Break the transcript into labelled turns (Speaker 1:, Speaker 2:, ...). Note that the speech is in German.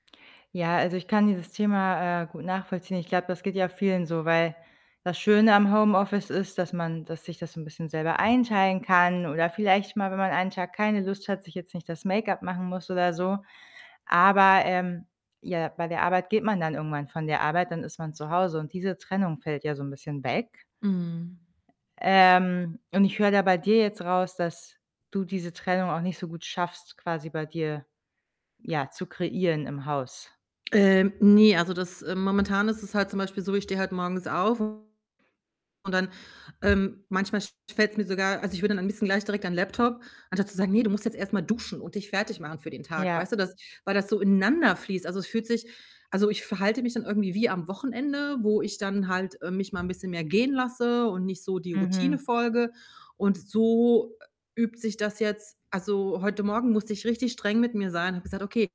Speaker 1: Ja, also, ich kann dieses Thema, äh, gut nachvollziehen. Ich glaube, das geht ja vielen so, weil das Schöne am Homeoffice ist, dass man das sich das so 'n bisschen selber einteilen kann oder vielleicht mal, wenn man einen Tag keine Lust hat, sich jetzt nicht das Make-up machen muss oder so. Aber, ähm, ja, bei der Arbeit geht man dann irgendwann von der Arbeit, dann ist man zu Hause, und diese Trennung fällt ja so 'n bisschen weg.
Speaker 2: Mhm.
Speaker 1: Ähm, und ich höre da bei dir jetzt raus, dass du diese Trennung auch nicht so gut schaffst, quasi bei dir ja, zu kreieren im Haus.
Speaker 2: Ähm, ne, also, das äh, momentan ist es halt zum Beispiel so, ich stehe halt morgens auf und dann ähm, manchmal sch fällt's mir sogar also, ich will dann am liebsten gleich direkt an 'n Laptop anstatt zu sagen: „Ne, du musst jetzt erst mal duschen und dich fertigmachen für den Tag.“
Speaker 1: Ja.
Speaker 2: Weißt du, das weil so ineinanderfließt. Also, es fühlt sich also, ich verhalte mich dann irgendwie wie am Wochenende, wo ich dann halt, äh, mich mal 'n bisschen mehr gehen lasse und nicht so die Routine
Speaker 1: Mhm.
Speaker 2: folge und so, äh, übt sich das jetzt also, heute Morgen musste ich richtig streng mit mir sein, habe gesagt: „Okay.“